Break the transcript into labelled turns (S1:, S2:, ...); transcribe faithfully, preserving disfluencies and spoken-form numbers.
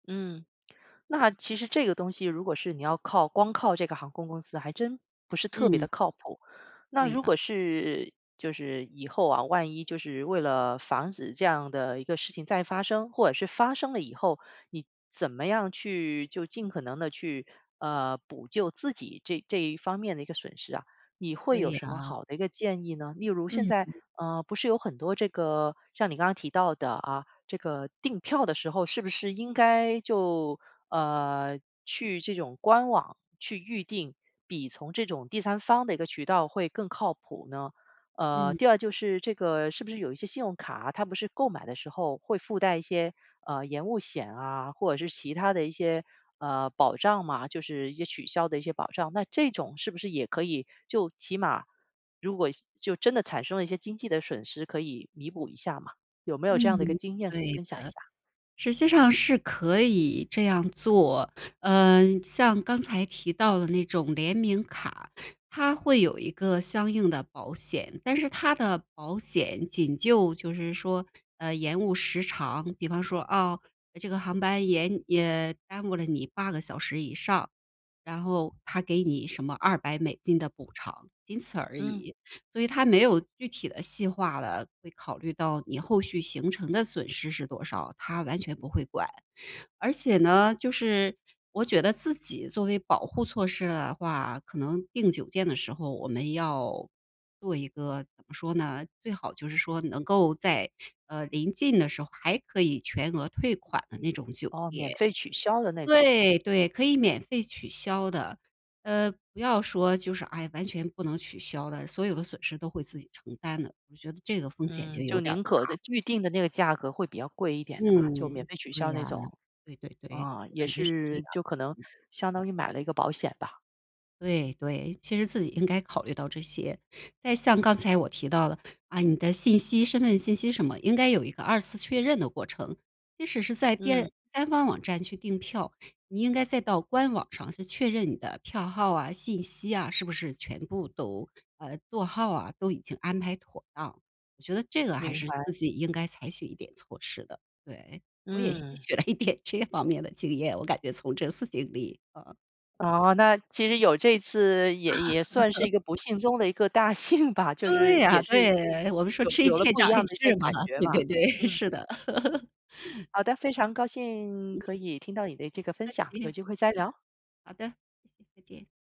S1: 嗯，那其实这个东西如果是你要靠光靠这个航空公司还真不是特别地
S2: 嗯。
S1: 靠谱。那
S2: 对
S1: 如
S2: 啊。
S1: 果是就是以后啊，万一就是为了防止这样的一个事情再发生，或者是发生了以后你怎么样去就尽可能地去，呃，补救自己这这一方面的一个损失啊？你会有
S2: 对
S1: 什么
S2: 啊。
S1: 好的一个建议呢？例如现在
S2: 嗯。
S1: 呃，不是有很多这个像你刚才提到的啊，这个订票的时候是不是应该就呃，去这种官网去预定，比从这种第三方的一个渠道会更靠谱呢？呃，
S2: 嗯。
S1: 第二就是这个是不是有一些信用卡，它不是购买的时候会附带一些，呃，延误险啊，或者是其他的一些，呃，保障嘛，就是一些取消的一些保障。那这种是不是也可以就起码如果就真地产生了一些经济的损失可以弥补一下吗？有没有这样的一个
S2: 嗯，
S1: 经验可以
S2: 对
S1: 分享
S2: 的，
S1: 一下？
S2: 实际上是可以这样做。呃，像刚才提到的那种联名卡，它会有一个相应的保险，但是它的保险仅就就是说，呃，延误时长。比方说，啊，这个航班延呃，耽误了你八个小时以上，然后他给你什么二百美金的补偿，仅此而
S1: 嗯。
S2: 已。所以他没有具体的细化了，会考虑到你后续行程的损失是多少，他完全不会管。而且呢，就是我觉得自己作为保护措施的话，可能订酒店的时候我们要做一个怎么说呢，最好就是说能够在，呃，临近的时候还可以全额退款的那种酒
S1: 哦，免
S2: 店。
S1: 费取消的那种。
S2: 对对，可以免费取消的。呃，不要说就是，哎，完全不能取消的，所有的损失都会自己承担的，我觉得这个风险就
S1: 嗯，
S2: 有
S1: 就
S2: 点儿
S1: 宁可
S2: 大。
S1: 的预定的那个价格会比较贵一点的嘛，就免
S2: 嗯，
S1: 费取消
S2: 对啊，
S1: 那种。
S2: 对对对，
S1: 啊，
S2: 我
S1: 也
S2: 感觉是这样。
S1: 是就可能
S2: 嗯。
S1: 相当于买了一个保险吧。
S2: 对对，其实自己应该考虑到这些，再像刚才我提到的，啊，你的信息身份信息什么，应该有一个二次确认的过程。即使是在
S1: 嗯。
S2: 三方网站去订票，你应该再到官网上去确认你的票号啊，信息啊，是不是全部都呃，座号啊，都已经安排妥当。我觉得这个还
S1: 明
S2: 是
S1: 白。
S2: 自己应该采取一点措施的，对，我也吸
S1: 嗯。
S2: 取了一点这方面的经验，我感觉从这次经历。嗯。
S1: 哦，那其实有这次也也算是一个不幸中的一个大幸吧，就是
S2: 对啊，
S1: 也是
S2: 对，我们说
S1: 有
S2: 吃一
S1: 有了
S2: 堑
S1: 不一
S2: 长
S1: 样
S2: 一
S1: 的一些
S2: 智嘛，
S1: 感觉
S2: 对
S1: 嘛，
S2: 对对，
S1: 嗯。
S2: 是的。
S1: 好的，非常高兴可
S2: 嗯。
S1: 以听到你的这个分
S2: 不客
S1: 享，有
S2: 气。
S1: 机会再聊。
S2: 好的，再见。